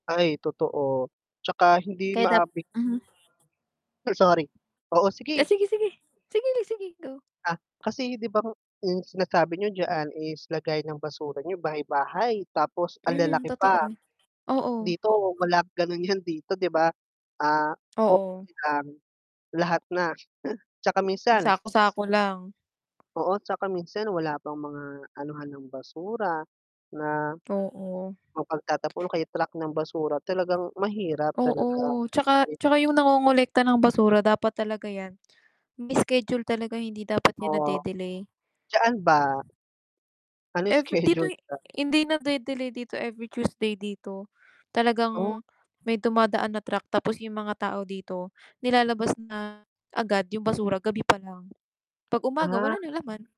Ay totoo. 'Tsaka hindi Kaya dap maabi mhm. ay sorry, oo Ah, sige. sige sige, sige sige go. Ah, kasi 'di ba nga yung sinasabi niyo diyaan is lagayan ng basura niyo bahay-bahay, tapos ang Mhm, lalaki totoo, pa. oo. Dito, wala ganun yan dito 'di ba. Ah, po Oo. silang lahat na tsaka minsan Sako-sako lang. Oo, 'tsaka minsan wala pang mga anuhan ng basura na, Oo. ang pagtatapon kay truck ng basura talagang mahirap Oo. talaga. 'Tsaka [unintelligible] tsaka yung nangongolekta ng basura dapat talaga yan, may schedule talaga hindi dapat yan Oo, na-de-delay. dyan ba? Ano Every dito schedule hi ta hindi na-de-delay dito, every Tuesday dito. Oh. Talagang may dumadaan na truck tapos yung mga tao dito nilalabas na agad yung basura gabi pa lang. Pag umaga wala Ah. ng laman.